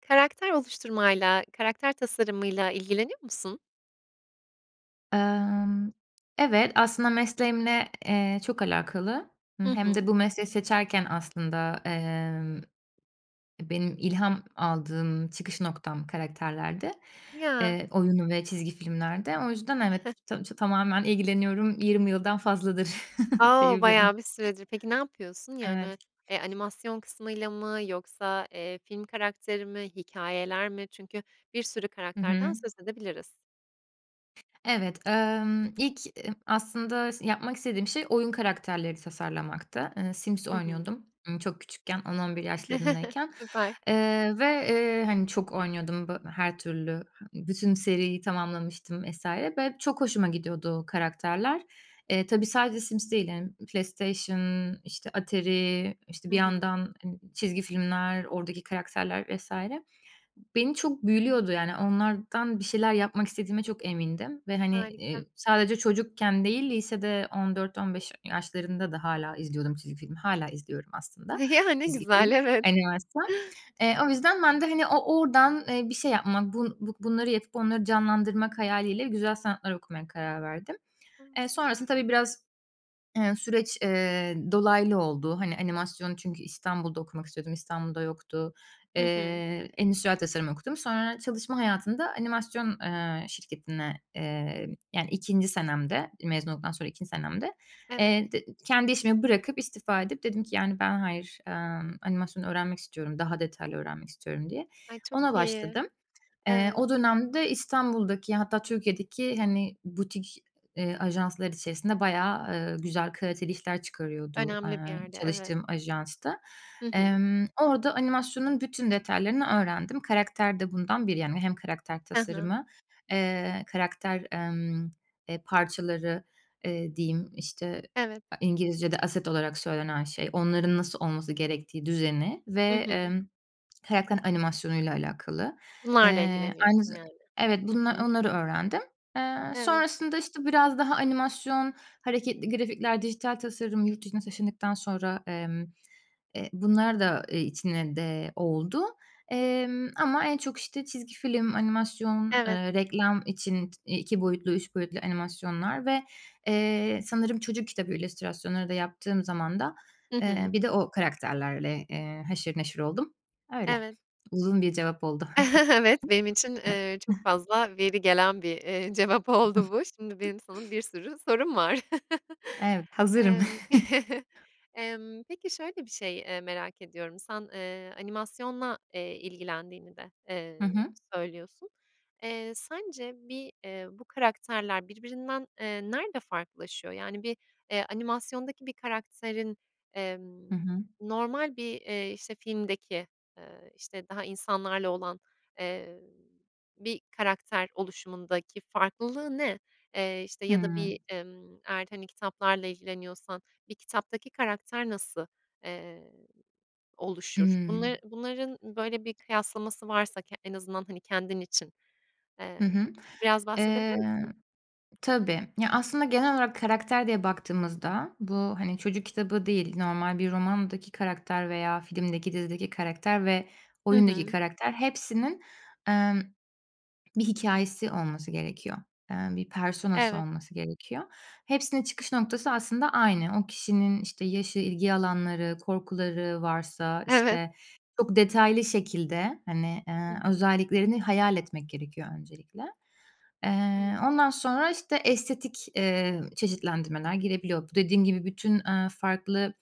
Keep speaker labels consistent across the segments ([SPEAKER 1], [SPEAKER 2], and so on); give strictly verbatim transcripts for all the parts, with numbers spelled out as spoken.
[SPEAKER 1] Karakter oluşturmayla, karakter tasarımıyla ilgileniyor musun?
[SPEAKER 2] Emm, evet aslında mesleğimle, eee, çok alakalı.
[SPEAKER 1] Hı
[SPEAKER 2] Hımm, hem
[SPEAKER 1] hı.
[SPEAKER 2] de bu mesleği seçerken aslında, emm, eee, benim ilham aldığım çıkış noktam karakterlerdi,
[SPEAKER 1] Ya.
[SPEAKER 2] eee, oyun ve çizgi filmlerde. O yüzden evet, ta çö tamamen ilgileniyorum, yirmi yıldan fazladır
[SPEAKER 1] A o,
[SPEAKER 2] diyebilirim.
[SPEAKER 1] bayağı bir süredir. Peki ne yapıyorsun? Yani,
[SPEAKER 2] Evet.
[SPEAKER 1] eee, animasyon kısmıyla mı yoksa, eee, film karakteri mi, hikâyeler mi? Çünkü bir sürü
[SPEAKER 2] Hı
[SPEAKER 1] karakterden
[SPEAKER 2] hı.
[SPEAKER 1] söz edebiliriz.
[SPEAKER 2] Evet, emm, ilk, eee, aslında s yapmak istediğim şey oyun karakterleri tasarlamaktı. Eee, Sims
[SPEAKER 1] Hı hı.
[SPEAKER 2] oynuyordum, ımm, çok küçükken. on on bir yaşlarındayken.
[SPEAKER 1] Süper.
[SPEAKER 2] Eee, ve, eee, hani, çok oynuyordum bö her türlü. He ı bütün seriyi tamamlamıştım vs. ve çok hoşuma gidiyordu o karakterler. Eee, tabii sadece Sims değil, yani PlayStation, işte, Atari, işte,
[SPEAKER 1] Hı
[SPEAKER 2] bir
[SPEAKER 1] hı.
[SPEAKER 2] yandan, ııı, çizgi filmler, oradaki karakterler vs. beni çok büyülüyordu. Yani, onlardan bir şeyler yapmak istediğime çok emindim ve, hani,
[SPEAKER 1] Harika.
[SPEAKER 2] iii, sadece çocukken değil, lisede on dört on beş ya yaşlarında da hâlâ izliyordum çizgi filmi. Hâlâ izliyorum aslında
[SPEAKER 1] Ya, ne
[SPEAKER 2] çizgi film,
[SPEAKER 1] güzel. Evet.
[SPEAKER 2] animasyon. Eee, o yüzden ben de, hani, o oradan, eee, bir şey yapma, bu bu bunları yapıp onları canlandırmak hayaliyle güzel sanatlar okumaya karar verdim.
[SPEAKER 1] A,
[SPEAKER 2] Eee, sonrasında
[SPEAKER 1] süper.
[SPEAKER 2] tabii, biraz, eee, süreç,
[SPEAKER 1] [unintelligible]
[SPEAKER 2] eee, dolaylı oldu. Hani, animasyon çünkü İstanbul'da okumak istiyordum, İstanbul'da yoktu.
[SPEAKER 1] Hı hı.
[SPEAKER 2] Eee, endüstriyel tasarım okudum. Sonra çalışma hayatında animasyon, eee, şirketine, eee, yani, ikinci senemde, mezun olduktan sonra ikinci senemde,
[SPEAKER 1] Evet.
[SPEAKER 2] eee, de kendi işimi bırakıp, istifa edip, dedim ki, "Yani, ben hayır, emm, animasyon öğrenmek istiyorum, daha detaylı öğrenmek istiyorum." diye.
[SPEAKER 1] Ay,
[SPEAKER 2] Ona
[SPEAKER 1] çok iyi.
[SPEAKER 2] başladım. Eee,
[SPEAKER 1] Evet.
[SPEAKER 2] o dönemde İstanbul'daki hatta Türkiye'deki, hani, butik, iii, eee, ajanslar içerisinde bayağı, eee, güzel, kaliteli işler çıkarıyordu,
[SPEAKER 1] Önemli bir
[SPEAKER 2] eee,
[SPEAKER 1] yerde, evet.
[SPEAKER 2] çalıştığım ajans da.
[SPEAKER 1] Hı hı.
[SPEAKER 2] Emm, orada animasyonun bütün detaylarını öğrendim. Karakter de bundan biri. Yani, hem karakter
[SPEAKER 1] Hı hı.
[SPEAKER 2] tasarımı, eee, karakter, emm, eee, parçaları, eee, diyeyim. İşte,
[SPEAKER 1] Evet.
[SPEAKER 2] a İngilizce'de asset olarak söylenen şey. Onların nasıl olması gerektiği, düzeni
[SPEAKER 1] Hı
[SPEAKER 2] ve,
[SPEAKER 1] hı.
[SPEAKER 2] emm, karakterin animasyonuyla alakalı.
[SPEAKER 1] Bunlarla
[SPEAKER 2] Eee, aynı
[SPEAKER 1] ilgileniyorsun,
[SPEAKER 2] za
[SPEAKER 1] yani.
[SPEAKER 2] Evet
[SPEAKER 1] Hı
[SPEAKER 2] bunlar,
[SPEAKER 1] hı.
[SPEAKER 2] onları öğrendim. Eee,
[SPEAKER 1] Evet.
[SPEAKER 2] sonrasında, işte, biraz daha animasyon, hareketli grafikler, dijital tasarım. Yurt dışına taşındıktan sonra, emm, eee, bunlar da, eee, içine de oldu. Emm, ama en çok, işte, çizgi film, animasyon,
[SPEAKER 1] Evet.
[SPEAKER 2] eee, reklam için t iki boyutlu, üç boyutlu animasyonlar ve, eee, sanırım çocuk kitabı illüstrasyonları da yaptığım zamanda,
[SPEAKER 1] Hı
[SPEAKER 2] eee,
[SPEAKER 1] hı.
[SPEAKER 2] bir de o karakterlerle, eee, haşır neşir oldum. Öyle.
[SPEAKER 1] Evet.
[SPEAKER 2] Uzun bir cevap oldu.
[SPEAKER 1] Evet, benim için, eee, çok fazla veri gelen bir, eee, cevap oldu bu. Şimdi benim sana bir sürü sorum var.
[SPEAKER 2] Evet, hazırım.
[SPEAKER 1] Emm, emm, peki şöyle bir şey, eee, merak ediyorum. Sen, eee, animasyonla, eee, ilgilendiğini de,
[SPEAKER 2] Hı
[SPEAKER 1] eee,
[SPEAKER 2] hı.
[SPEAKER 1] söylüyorsun. Eee, sence bir, eee, bu karakterler birbirinden, eee, nerede farklılaşıyor? Yani, bir, eee, animasyondaki bir karakterin,
[SPEAKER 2] Hı
[SPEAKER 1] emm,
[SPEAKER 2] hı.
[SPEAKER 1] normal bir, eee, işte, filmdeki, ııı, işte, daha insanlarla olan, eee, bir karakter oluşumundaki farklılığı ne? Eee, işte, ya da
[SPEAKER 2] Hıı.
[SPEAKER 1] bir, emm, eğer, hani, kitaplarla ilgileniyorsan bir kitaptaki karakter nasıl, eee, oluşur?
[SPEAKER 2] Imm.
[SPEAKER 1] Bunları bunların, böyle, bir kıyaslaması varsa k en azından, hani, kendin için,
[SPEAKER 2] Hı
[SPEAKER 1] eee,
[SPEAKER 2] hı.
[SPEAKER 1] biraz bahsedebilir
[SPEAKER 2] Eee,
[SPEAKER 1] misin?
[SPEAKER 2] tabii. Ya, aslında genel olarak karakter diye baktığımızda bu, hani, çocuk kitabı değil, normal bir romandaki karakter veya filmdeki, dizideki karakter ve
[SPEAKER 1] Hı
[SPEAKER 2] oyundaki
[SPEAKER 1] hı.
[SPEAKER 2] karakter hepsinin, emm, bir hikâyesi olması gerekiyor. Eee, bir persona'sı
[SPEAKER 1] Evet.
[SPEAKER 2] olması gerekiyor. Hepsinin çıkış noktası aslında aynı. O kişinin, işte, yaşı, ilgi alanları, korkuları varsa,
[SPEAKER 1] Evet.
[SPEAKER 2] işte. Çok detaylı şekilde, hani,
[SPEAKER 1] Hı
[SPEAKER 2] eee,
[SPEAKER 1] hı.
[SPEAKER 2] özelliklerini hayal etmek gerekiyor öncelikle. Eee,
[SPEAKER 1] Evet.
[SPEAKER 2] ondan sonra, işte, estetik, eee, çeşitlendirmeler girebiliyor. Bu dediğim gibi bütün, eee, farklı,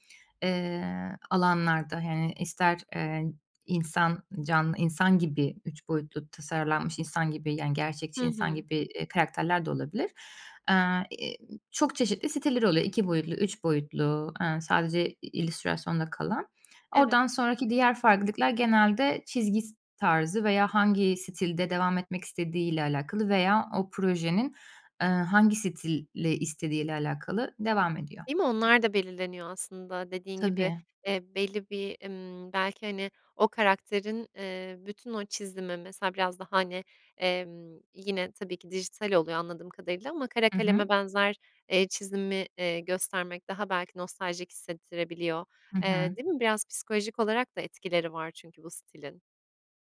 [SPEAKER 2] eee, alanlarda, yani, ister, eee, insan can insan gibi üç boyutlu tasarlanmış insan gibi, yani,
[SPEAKER 1] Hı
[SPEAKER 2] gerçekçi insan
[SPEAKER 1] hı.
[SPEAKER 2] gibi, eee, karakterler de olabilir. Eee, ııı, çok çeşitli siteleri oluyor. iki boyutlu, üç boyutlu, eee, sadece i illüstrasyonda kalan.
[SPEAKER 1] Evet.
[SPEAKER 2] Oradan sonraki diğer farklılıklar genelde çizgi s tarzı veya hangi stilde devam etmek istediğiyle alakalı veya o projenin, eee, hangi stili istediğiyle alakalı devam ediyor.
[SPEAKER 1] Değil mi, onlar da belirleniyor aslında dediğin gibi.
[SPEAKER 2] Tabii.
[SPEAKER 1] Eee, belli bir, ımm, belki, hani, o karakterin, eee, bütün o çizimi. Mesela biraz da, hani, emm, yine tabii ki dijital oluyor anladığım kadarıyla. Ama kara
[SPEAKER 2] Hı hı.
[SPEAKER 1] kaleme benzer, eee, çizimi, eee, göstermek daha belki nostaljik hissettirebiliyor.
[SPEAKER 2] Hı
[SPEAKER 1] Eee,
[SPEAKER 2] hı.
[SPEAKER 1] değil mi? Biraz psikolojik olarak da etkileri var çünkü bu stilin.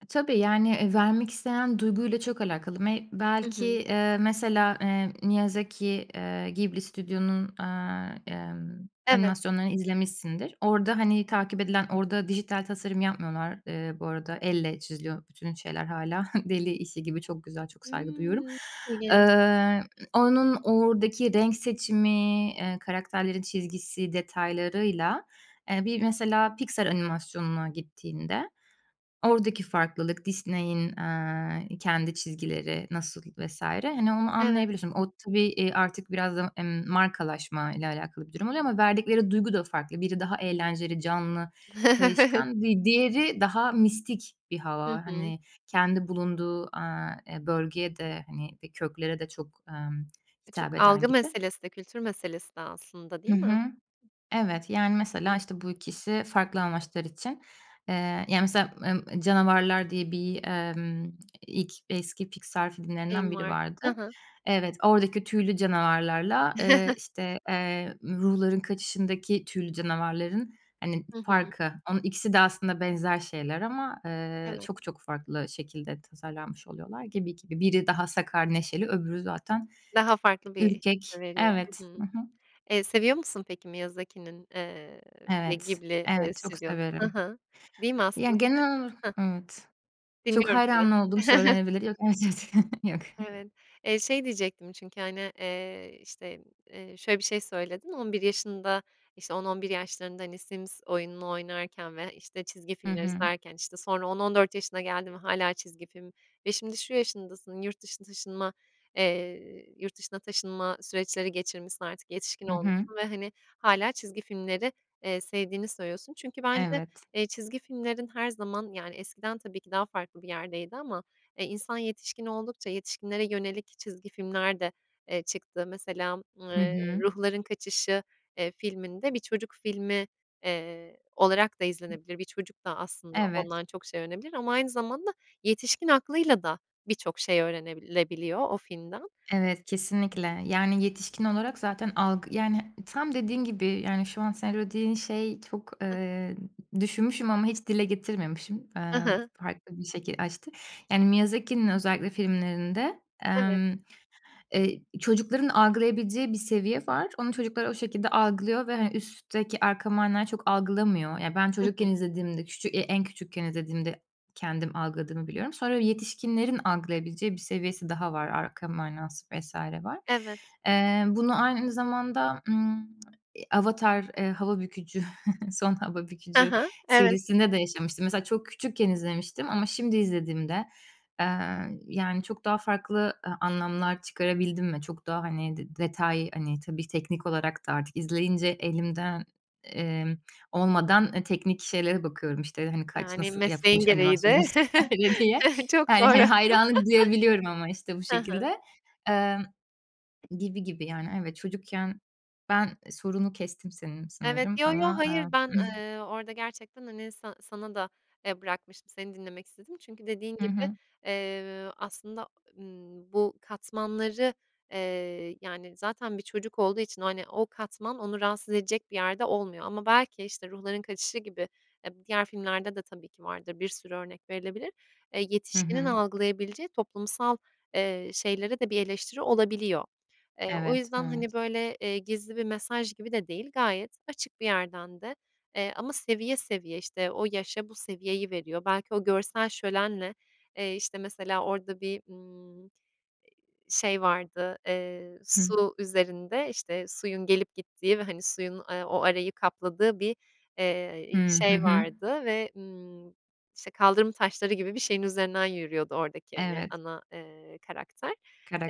[SPEAKER 2] E, tabii, yani, eee, vermek istenen duyguyla çok alakalı. Me
[SPEAKER 1] Hı
[SPEAKER 2] belki,
[SPEAKER 1] hı.
[SPEAKER 2] eee, mesela, eee, Miyazaki, eee, Ghibli Studio'nun, eee, emm,
[SPEAKER 1] Evet.
[SPEAKER 2] animasyonlarını izlemişsindir. Orada, hani, takip edilen, orada dijital tasarım yapmıyorlar. Eee, bu arada elle çiziliyor bütün şeyler hâlâ. Deli işi gibi, çok güzel, çok saygı duyuyorum.
[SPEAKER 1] Hıı, çok ilginç.
[SPEAKER 2] Eee, onun oradaki renk seçimi, eee, karakterlerin çizgisi, detaylarıyla, eee, bir mesela piksel animasyonuna gittiğinde, oradaki farklılık, Disney'in, eee, kendi çizgileri nasıl vs. hani, onu
[SPEAKER 1] Evet.
[SPEAKER 2] anlayabiliyorsun. O tabii, iii, artık biraz da, emm, markalaşma ile alakalı bir durum oluyor ama verdikleri duygu da farklı. Biri daha eğlenceli, canlı, kayışkan, di diğeri daha mistik bir
[SPEAKER 1] Hı
[SPEAKER 2] hava,
[SPEAKER 1] hı.
[SPEAKER 2] hani, kendi bulunduğu, aaa, eee, bölgeye de, hani, eee, köklere de çok, emm, hitap
[SPEAKER 1] Çok
[SPEAKER 2] eden
[SPEAKER 1] algı
[SPEAKER 2] gibi.
[SPEAKER 1] meselesi de, kültür meselesi de aslında
[SPEAKER 2] Hı
[SPEAKER 1] değil mi?
[SPEAKER 2] hı. Evet, yani,
[SPEAKER 1] Hı
[SPEAKER 2] mesela,
[SPEAKER 1] hı.
[SPEAKER 2] işte, bu ikisi farklı amaçlar için, eee, yani, mesela, emm, Canavarlar diye bir, emm, ilk, eski Pixar
[SPEAKER 1] [unintelligible]
[SPEAKER 2] filmlerinden biri
[SPEAKER 1] Var. Hı
[SPEAKER 2] vardı.
[SPEAKER 1] hı.
[SPEAKER 2] Evet, oradaki tüylü canavarlarla, eee, işte, eee, ruhların kaçışındaki tüylü canavarların hani
[SPEAKER 1] Hı hı.
[SPEAKER 2] farkı. Onun ikisi de aslında benzer şeyler ama, eee,
[SPEAKER 1] Evet.
[SPEAKER 2] çok çok farklı şekilde tasarlanmış oluyorlar. Gibi, gibi. Biri daha sakar, neşeli öbürü zaten
[SPEAKER 1] Daha farklı bir [unintelligible]
[SPEAKER 2] ürkek.
[SPEAKER 1] veriyor.
[SPEAKER 2] Evet.
[SPEAKER 1] Hı
[SPEAKER 2] Hı
[SPEAKER 1] hı.
[SPEAKER 2] hı.
[SPEAKER 1] Eee, seviyor musun peki Miyazaki'nin, eee, eee,
[SPEAKER 2] Evet,
[SPEAKER 1] Ghibli, eee
[SPEAKER 2] evet çok
[SPEAKER 1] stüdyo Hı
[SPEAKER 2] severim.
[SPEAKER 1] hı. Değil mi aslın
[SPEAKER 2] Yani, genel ola
[SPEAKER 1] Hah
[SPEAKER 2] evet. Çok
[SPEAKER 1] Dinliyorum seni.
[SPEAKER 2] hayran olduğum söylenebilir. Yok, evet, evet, yok.
[SPEAKER 1] Evet. Eee, şey diyecektim çünkü, hani, eee, işte, eee, şöyle bir şey söyledin. On bir yaşında, işte, on on bir yaşlarında, hani, Sims oyununu oynarken ve, işte, çizgi
[SPEAKER 2] Hı
[SPEAKER 1] filmler
[SPEAKER 2] hı.
[SPEAKER 1] izlerken, işte, sonra on on dört yaşına geldi mi hâlâ çizgi film ve şimdi, şu yaşındasın, yurt dışına taşınma, eee, yurt dışına taşınma süreçleri geçirmişsin artık yetişkin
[SPEAKER 2] Hı hı.
[SPEAKER 1] olmuşsun ve, hani, hâlâ çizgi filmleri, eee, sevdiğini söylüyorsun. Çünkü bence,
[SPEAKER 2] Evet.
[SPEAKER 1] eee, çizgi filmlerin her zaman, yani, eskiden tabii ki daha farklı bir yerdeydi ama, eee, insan yetişkin oldukça, yetişkinlere yönelik çizgi filmler de, eee, çıktı. Mesela,
[SPEAKER 2] Hı
[SPEAKER 1] eee,
[SPEAKER 2] hı.
[SPEAKER 1] Ruhların Kaçışı, eee, filminde, bir çocuk filmi, eee, olarak da izlenebilir. Bir çocuk da aslında
[SPEAKER 2] Evet.
[SPEAKER 1] ondan çok şey öğrenebilir ama aynı zamanda yetişkin aklıyla da birçok şey öğrenilebiliyor o filmden.
[SPEAKER 2] Evet, kesinlikle. Yani yetişkin olarak zaten algı yani, tam dediğin gibi, yani, şu an sen o dediğin şey çok,
[SPEAKER 1] Heh.
[SPEAKER 2] eee, düşünmüşüm ama hiç dile getirmemişim,
[SPEAKER 1] Hı
[SPEAKER 2] eee,
[SPEAKER 1] hı.
[SPEAKER 2] farklı bir şekil açtı. Yani, Miyazaki'nin özellikle filmlerinde,
[SPEAKER 1] Evet.
[SPEAKER 2] emm, eee, çocukların algılayabileceği bir seviye var, onu çocuklar o şekilde algılıyor ve hani, üstteki, arka mana çok algılamıyor. Ya, ben
[SPEAKER 1] Hı
[SPEAKER 2] çocukken
[SPEAKER 1] hı.
[SPEAKER 2] izlediğimde küçük eee, en küçükken izlediğimde kendim algıladığımı biliyorum. Sonra yetişkinlerin algılayabileceği bir seviyesi daha var, arka manası, vs. var.
[SPEAKER 1] Evet.
[SPEAKER 2] Eee, bunu aynı zamanda, ımm, eee, Avatar, eee, hava bükücü, son hava
[SPEAKER 1] Ha
[SPEAKER 2] bükücü
[SPEAKER 1] ha, evet.
[SPEAKER 2] serisinde de yaşamıştım. Mesela çok küçükken izlemiştim ama şimdi izlediğimde, eee, yani, çok daha farklı, eee, anlamlar çıkarabildim mi? Çok daha, hani, de detay, hani, tabii teknik olarak da artık izleyince, elimden, emm, olmadan, eee, teknik şeylere bakıyorum, işte, hani, kaç,
[SPEAKER 1] Yani
[SPEAKER 2] nasıl
[SPEAKER 1] mesleğin
[SPEAKER 2] yapılmış
[SPEAKER 1] gereği
[SPEAKER 2] animasyon,
[SPEAKER 1] de
[SPEAKER 2] vs. diye.
[SPEAKER 1] çok
[SPEAKER 2] Yani,
[SPEAKER 1] doğru.
[SPEAKER 2] hani, hayranlık duyabiliyorum ama, işte, bu
[SPEAKER 1] Hı hı.
[SPEAKER 2] şekilde, eee, gibi gibi, yani. Evet, çocukken, ben sorunu kestim senin
[SPEAKER 1] Evet,
[SPEAKER 2] sanırım
[SPEAKER 1] yo yo,
[SPEAKER 2] ama, aaa.
[SPEAKER 1] hayır ben, eee, orada gerçekten hani sa sana da, eee, bırakmıştım, seni dinlemek istedim. Çünkü dediğin
[SPEAKER 2] Hı
[SPEAKER 1] gibi,
[SPEAKER 2] hı.
[SPEAKER 1] eee, aslında, ımm, bu katmanları, eee, yani, zaten bir çocuk olduğu için, hani, o katman onu rahatsız edecek bir yerde olmuyor ama belki, işte, Ruhların Kaçışı gibi eb diğer filmlerde de tabii ki vardır, bir sürü örnek verilebilir. Eee,
[SPEAKER 2] Hı
[SPEAKER 1] yetişkinin
[SPEAKER 2] hı.
[SPEAKER 1] algılayabileceği toplumsal, eee, şeylere de bir eleştiri olabiliyor. Eee, o
[SPEAKER 2] Evet,
[SPEAKER 1] yüzden,
[SPEAKER 2] evet.
[SPEAKER 1] hani, böyle, eee, gizli bir mesaj gibi de değil, gayet açık bir yerden de, eee, ama seviye, seviye, işte, o yaşa bu seviyeyi veriyor. Belki o görsel şölenle, eee, işte, mesela orada bir, ımm, eee, şey vardı, eee,
[SPEAKER 2] Hıı.
[SPEAKER 1] su üzerinde, işte, suyun gelip gittiği ve, hani, suyun, eee, o arayı kapladığı bir, eee,
[SPEAKER 2] Hıı, hı
[SPEAKER 1] şey
[SPEAKER 2] hı.
[SPEAKER 1] vardı ve, ımm, işte, kaldırım taşları gibi bir şeyin üzerinden yürüyordu oradaki, hani,
[SPEAKER 2] Evet.
[SPEAKER 1] ana, eee, karakter.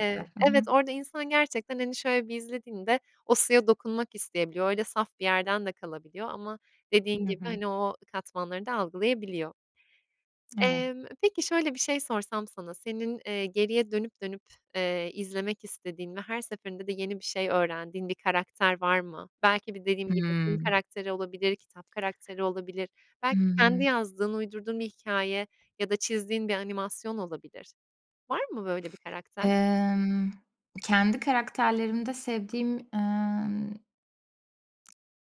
[SPEAKER 1] Eee,
[SPEAKER 2] Hı
[SPEAKER 1] evet
[SPEAKER 2] hı.
[SPEAKER 1] orada insan gerçekten hani şöyle bir izlediğinde, o suya dokunmak isteyebiliyor. Öyle saf bir yerden de kalabiliyor ama dediğin
[SPEAKER 2] Hı
[SPEAKER 1] gibi,
[SPEAKER 2] hı.
[SPEAKER 1] hani, o katmanları da algılayabiliyor.
[SPEAKER 2] Evet.
[SPEAKER 1] Eee, peki, şöyle bir şey sorsam sana, senin, eee, geriye dönüp, dönüp, eee, izlemek istediğin ve her seferinde de yeni bir şey öğrendiğin bir karakter var mı? Belki bir, dediğim gibi, film
[SPEAKER 2] Hıı.
[SPEAKER 1] karakteri olabilir, kitap karakteri olabilir. Belki kendi
[SPEAKER 2] Iıı.
[SPEAKER 1] yazdığın, uydurduğun bir hikâye ya da çizdiğin bir animasyon olabilir. Var mı böyle bir karakter?
[SPEAKER 2] Emm, kendi karakterlerimde sevdiğim, emm,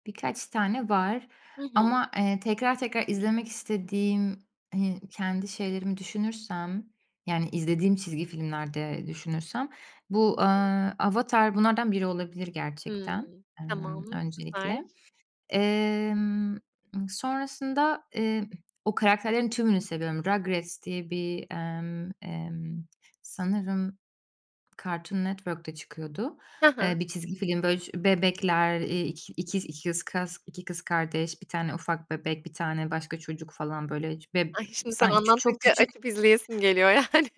[SPEAKER 2] birkaç tane var
[SPEAKER 1] Hı hı.
[SPEAKER 2] ama, eee, tekrar tekrar izlemek istediğim hi kendi şeylerimi düşünürsem, yani izlediğim çizgi filmlerde düşünürsem, bu, eee,
[SPEAKER 1] [unintelligible]
[SPEAKER 2] Avatar bunlardan biri olabilir
[SPEAKER 1] Hımm,
[SPEAKER 2] gerçekten, emm,
[SPEAKER 1] tamam. Süper.
[SPEAKER 2] öncelikle. Emm, eee, sonrasında, eee, o karakterlerin tümünü seviyorum. Rugrats diye bir, emm, emm, sanırım Cartoon Network da çıkıyordu.
[SPEAKER 1] Ha ha.
[SPEAKER 2] Eee, bir çizgi film, böyle, ş bebekler, eee, iki ikiz ikis kız, iki kız kardeş, bir tane ufak bebek, bir tane başka çocuk, falan, böyle, be
[SPEAKER 1] Ay, şimdi sen
[SPEAKER 2] sanki çok
[SPEAKER 1] anlattıkça
[SPEAKER 2] küçük
[SPEAKER 1] açıp izleyesim geliyor yani.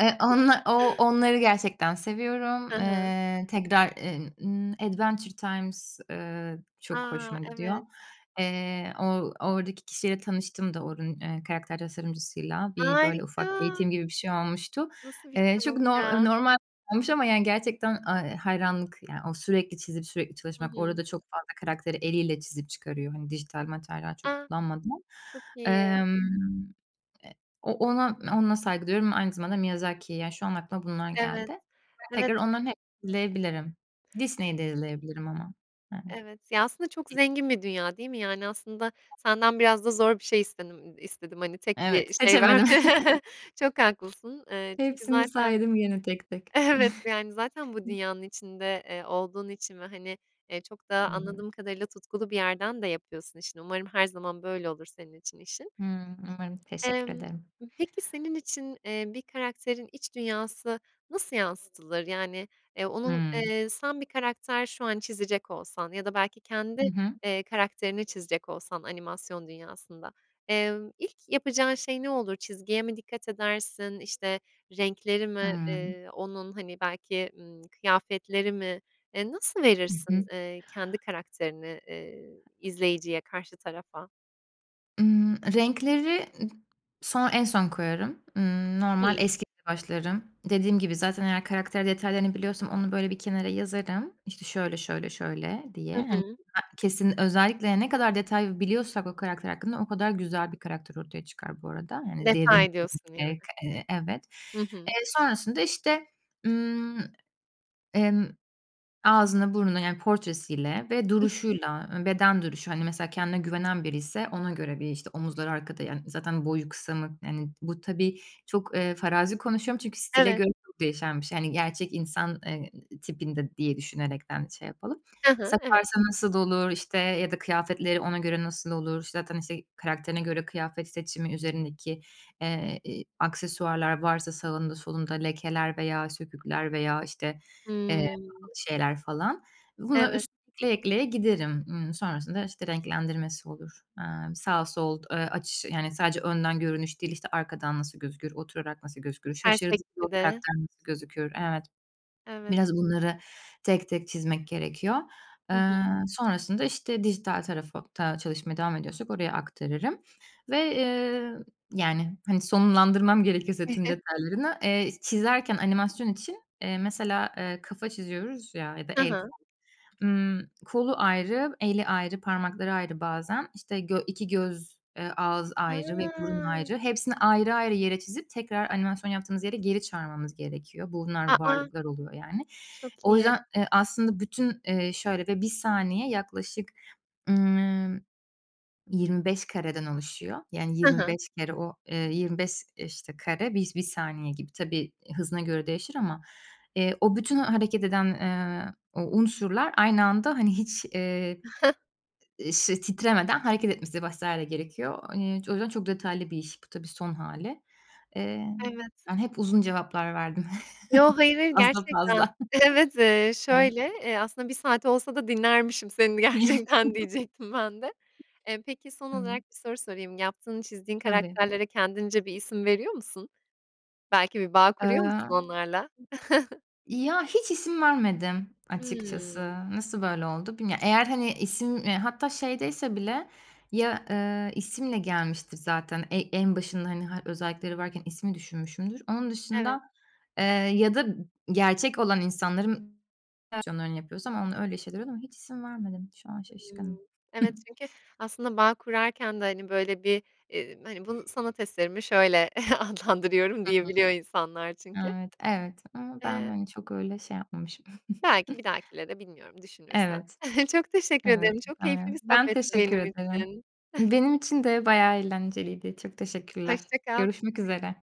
[SPEAKER 2] Eee, onlar, o onları gerçekten seviyorum.
[SPEAKER 1] Hı hı.
[SPEAKER 2] Eee, tekrar, eee, ımm, Adventure Times, eee, çok
[SPEAKER 1] A!
[SPEAKER 2] hoşuma gidiyor.
[SPEAKER 1] Evet.
[SPEAKER 2] Eee, o oradaki kişiyle tanıştım da oranın, eee, karakter tasarımcısıyla, bir, böyle, ufak
[SPEAKER 1] Harika!
[SPEAKER 2] eğitim gibi bir şey olmuştu.
[SPEAKER 1] Nasıl bir
[SPEAKER 2] Eee, çok
[SPEAKER 1] şans
[SPEAKER 2] nor eee,
[SPEAKER 1] ya!
[SPEAKER 2] normal olmuş ama yani gerçekten, aaa, iii, hayranlık yani o, sürekli çizip, sürekli
[SPEAKER 1] Hı
[SPEAKER 2] çalışmak,
[SPEAKER 1] hı.
[SPEAKER 2] orada çok fazla karakteri eliyle çizip çıkarıyor, hani, dijital materyal çok
[SPEAKER 1] A!
[SPEAKER 2] kullanmadan.
[SPEAKER 1] Çok iyi.
[SPEAKER 2] Emm, eee, o ona, ona saygı duyuyorum. Aynı zamanda Miyazaki, yani, şu an aklıma bunlar
[SPEAKER 1] Evet.
[SPEAKER 2] geldi.
[SPEAKER 1] Evet.
[SPEAKER 2] Tekrar onların [unintelligible] izleyebilirim.
[SPEAKER 1] Hı hı. Eee
[SPEAKER 2] Disney'de izleyebilirim ama. Yani.
[SPEAKER 1] Evet, ya, aslında çok zengin bir dünya değil mi? Yani, aslında senden biraz da zor bir şey istedim, istedim hani tek
[SPEAKER 2] Evet,
[SPEAKER 1] bir şey ver.
[SPEAKER 2] seçemedim.
[SPEAKER 1] Çok haklısın, eee, çünkü
[SPEAKER 2] Hepsini
[SPEAKER 1] zaten,
[SPEAKER 2] saydım gene tek tek.
[SPEAKER 1] evet, yani zaten bu dünyanın içinde, eee, olduğun için ve hani, eee, çok
[SPEAKER 2] Hı
[SPEAKER 1] da
[SPEAKER 2] hı.
[SPEAKER 1] anladığım kadarıyla tutkulu bir yerden de yapıyorsun işini. Umarım her zaman böyle olur senin için, işin.
[SPEAKER 2] Hıı, umarım, teşekkür
[SPEAKER 1] Imm.
[SPEAKER 2] ederim.
[SPEAKER 1] Peki senin için, eee, bir karakterin iç dünyası nasıl yansıtılır? Yani, eee, onun,
[SPEAKER 2] Hıı.
[SPEAKER 1] eee, sen bir karakter şu an çizecek olsan ya da belki kendi,
[SPEAKER 2] Hı hı.
[SPEAKER 1] eee, karakterini çizecek olsan, animasyon dünyasında, eee, ilk yapacağın şey ne olur? Çizgiye mi dikkat edersin? İşte, renkleri mi,
[SPEAKER 2] Hıı.
[SPEAKER 1] eee, onun, hani, belki, ımm, kıyafetleri mi, eee, nasıl
[SPEAKER 2] Hı
[SPEAKER 1] verirsin,
[SPEAKER 2] hı.
[SPEAKER 1] eee, kendi karakterini, eee, izleyiciye, karşı tarafa?
[SPEAKER 2] Imm, renkleri son en son koyarım. Imm, normal,
[SPEAKER 1] Hımm.
[SPEAKER 2] eski [unintelligible] başlarım. Dediğim gibi zaten eğer karakter detaylarını biliyorsam onu, böyle, bir kenara yazarım. İşte şöyle, şöyle, şöyle diye.
[SPEAKER 1] Hı
[SPEAKER 2] Hani,
[SPEAKER 1] hı.
[SPEAKER 2] [unintelligible] kesin özellikle ya, ne kadar detay biliyorsak o karakter hakkında o kadar güzel bir karakter ortaya çıkar bu arada. Yani derin
[SPEAKER 1] Detay
[SPEAKER 2] [unintelligible]
[SPEAKER 1] diyorsun yani.
[SPEAKER 2] k evet.
[SPEAKER 1] Hı hı.
[SPEAKER 2] Eee, sonrasında, işte, ımm, emm, ağzını, burnunu yani portresiyle ve
[SPEAKER 1] [unintelligible]
[SPEAKER 2] duruşuyla, ııı, beden duruşu, hani mesela kendine güvenen biriyse ona göre bir işte omuzları arkada, yani, zaten boyu kısa mı, yani bu tabii çok, eee, farazi konuşuyorum çünkü stile
[SPEAKER 1] Evet.
[SPEAKER 2] göre çok değişen bir şey. Yani gerçek insan, eee, i tipinde diye düşünerekten şey yapalım.
[SPEAKER 1] Hı hı. Evet.
[SPEAKER 2] Saparsa nasıl dolur, işte, ya da kıyafetleri ona göre nasıl olur, zaten işte karakterine göre kıyafet seçimi, üzerindeki, eee, i aksesuarlar varsa sağında solunda lekeler veya sökükler veya, işte, eee,
[SPEAKER 1] Hımm.
[SPEAKER 2] pahalı şeyler falan. Buna
[SPEAKER 1] Evet.
[SPEAKER 2] üst ekleye ekleye giderim. Imm, sonrasında, işte, renklendirmesi olur. Aaa, sağ, sol, eee, açış yani sadece önden görünüş değil, işte, arkadan nasıl gözükür, oturarak nasıl gözükür,
[SPEAKER 1] [unintelligible]
[SPEAKER 2] şaşırdığında o
[SPEAKER 1] Bir de.
[SPEAKER 2] karakter nasıl gözükür, evet.
[SPEAKER 1] Evet.
[SPEAKER 2] Biraz bunları tek tek çizmek gerekiyor.
[SPEAKER 1] Hı hı.
[SPEAKER 2] Eee, sonrasında, işte, dijital tarafa ta çalışmaya devam ediyorsak oraya aktarırım ve, eee, yani, hani, sonlandırmam gerekirse tüm detaylarını, eee, çizerken animasyon için, eee, mesela, eee, kafa çiziyoruz ya ya da
[SPEAKER 1] Ha
[SPEAKER 2] el, kol.
[SPEAKER 1] ha.
[SPEAKER 2] Imm, kolu ayrı, eli ayrı, parmakları ayrı bazen, işte, gö iki göz, eee, ağız ayrı ve burun
[SPEAKER 1] Ha.
[SPEAKER 2] ayrı, hepsini ayrı ayrı yere çizip tekrar animasyon yaptığımız yere geri çağırmamız gerekiyor.
[SPEAKER 1] A!
[SPEAKER 2] Bunlar
[SPEAKER 1] A!
[SPEAKER 2] varlıklar oluyor yani.
[SPEAKER 1] Çok
[SPEAKER 2] O
[SPEAKER 1] iyi.
[SPEAKER 2] yüzden, eee, aslında bütün, eee, şöyle ve bir saniye yaklaşık, ımm, yirmi beş kareden oluşuyor. Yani,
[SPEAKER 1] Hı
[SPEAKER 2] yirmi
[SPEAKER 1] hı.
[SPEAKER 2] beş kere o eee, yirmi beş, işte, kare bis bir saniye gibi. Tabii, eee, hızına göre değişir ama, eee, o bütün hareket eden, eee, o unsurlar aynı anda hani hiç, eee, işte, titremeden hareket etmesi vs. gerekiyor. İii, o yüzden çok detaylı bir iş pu, tabii son hâli. Emm,
[SPEAKER 1] Evet.
[SPEAKER 2] ben hep uzun cevaplar verdim
[SPEAKER 1] Yo, hayır, hayır,
[SPEAKER 2] fazla
[SPEAKER 1] gerçekten.
[SPEAKER 2] fazla,
[SPEAKER 1] Evet, eee,
[SPEAKER 2] evet.
[SPEAKER 1] şöyle, eee, aslında bir saat olsa da dinlermişim seni gerçekten diyecektim ben de. Eee, peki son
[SPEAKER 2] Iıı.
[SPEAKER 1] olarak bir soru sorayım. Yaptığın, çizdiğin
[SPEAKER 2] Tabii.
[SPEAKER 1] karakterlere kendince bir isim veriyor musun? Belki bir bağ kuruyor musun
[SPEAKER 2] Iıı
[SPEAKER 1] onlarla?
[SPEAKER 2] Ya hiç isim vermedim açıkçası.
[SPEAKER 1] Hımm.
[SPEAKER 2] Nasıl böyle oldu bilmiyo Eğer hani isim, eee, hatta şeydeyse bile ya, eee, isimle gelmiştir zaten, ey en başında, hani, ha özellikleri varken ismi düşünmüşümdür. Onun dışında,
[SPEAKER 1] Evet.
[SPEAKER 2] eee, ya da gerçek olan insanların [unintelligible] yapıyorsam onunla öyle şeyler oluyor ama hiç isim vermedim, şu an şaşkınım.
[SPEAKER 1] Hımm, evet çünkü aslında bağ kurarken de, hani, böyle, bir, eee, hani, bunu, "Sanat eserimi şöyle adlandırıyorum."
[SPEAKER 2] Hımm.
[SPEAKER 1] diyebiliyor insanlar çünkü.
[SPEAKER 2] Evet, evet ama ben,
[SPEAKER 1] Eee
[SPEAKER 2] hani, çok öyle şey yapmamışım.
[SPEAKER 1] Belki bir dahakilere bilmiyorum düşünürsen.
[SPEAKER 2] Evet.
[SPEAKER 1] Çok teşekkür
[SPEAKER 2] Evet.
[SPEAKER 1] ederim, çok keyifli bir
[SPEAKER 2] [unintelligible] Ben
[SPEAKER 1] sohbetti
[SPEAKER 2] teşekkür
[SPEAKER 1] benim
[SPEAKER 2] ederim.
[SPEAKER 1] için.
[SPEAKER 2] Benim için de bayağı eğlenceliydi. Çok teşekkürler.
[SPEAKER 1] Hoşça kal.
[SPEAKER 2] Görüşmek üzere.